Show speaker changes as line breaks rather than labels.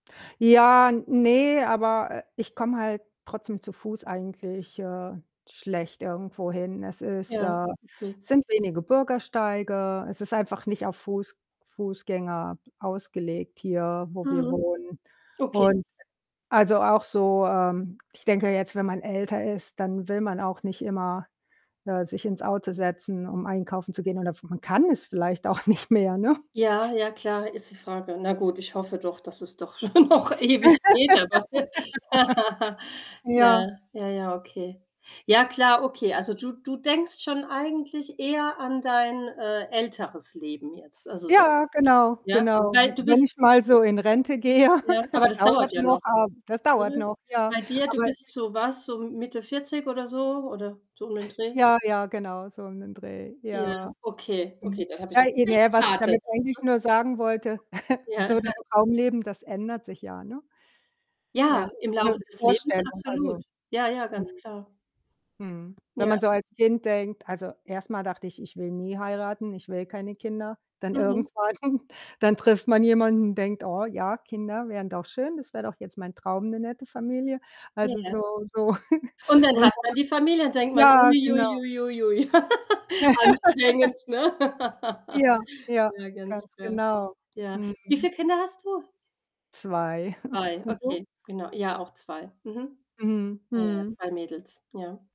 Ja, ne, aber, äh, ich komme halt trotzdem zu Fuß eigentlich, äh, schlecht irgendwohin. Es ist
Ja,
äh,
okay.
sind wenige Bürgersteige. Es ist einfach nicht auf Fuß Fußgänger ausgelegt hier, wo wir
Mhm,
wohnen
okay.
und also, auch so, ähm ich denke jetzt, wenn man älter ist, dann will man auch nicht immer, äh, sich ins Auto setzen, um einkaufen zu gehen oder f man kann es vielleicht auch nicht mehr, ne?
Ja, ja, klar, ist die Frage. Na gut, ich hoffe doch, dass es doch schon noch ewig geht, aber ja.
Ja.
Ja, ja, okay. Ja, klar, okay. Also, du du denkst schon eigentlich eher an dein, äh, älteres Leben jetzt, also dann,
Ja, genau,
ja?
genau. W
Weil du
wenn
bist
ich mal so in Rente gehe,
Ja,
das
aber das
dauert
dauert ja
noch,
noch.
ab das dauert
Mhm.
noch, ja.
Bei dir du
Aber
bist so was so Mitte 40 oder so oder so um den Dreh?
Ja, ja, genau, so um den Dreh,
Ja,
ja.
okay,
Mhm,
okay, dann habe ich ja
äh, e
richtig
ne, was ich
geraten.
damit eigentlich nur sagen wollte,
[unintelligible] Ja.
so das Traumleben, das ändert sich ja, ne?
Ja,
Ja.
im
Also, die
Laufe des Lebens
Vorstellung,
absolut.
also,
Ja, ja, ganz
hm
klar.
Mhm. Wenn
Ja.
man so als Kind denkt also, erst mal dachte ich: „Ich will nie heiraten, ich will keine Kinder.“ Dann
Mhm.
irgendwann dann trifft man jemanden, denkt: „Oh ja, Kinder wären doch schön. Das wäre doch jetzt mein Traum, 'ne nette Familie.“ Also,
Ja,
so so
und dann
und
hat man die Familie,
[unintelligible]
denkt man:
ja,
„Ui, ui,
genau.
ui, ui, ui.“ Anstrengend, ne?
Ja, ja,
Ja, ganz
ganz
klar.
genau.
Ja. Wie
Mhm.
viel Kinder hast du?
2.
2,
Und du?
okay, genau. Ja, auch 2. Mhm.
Mhm,
Ja, ja,
mhm.
2 Mädels, ja.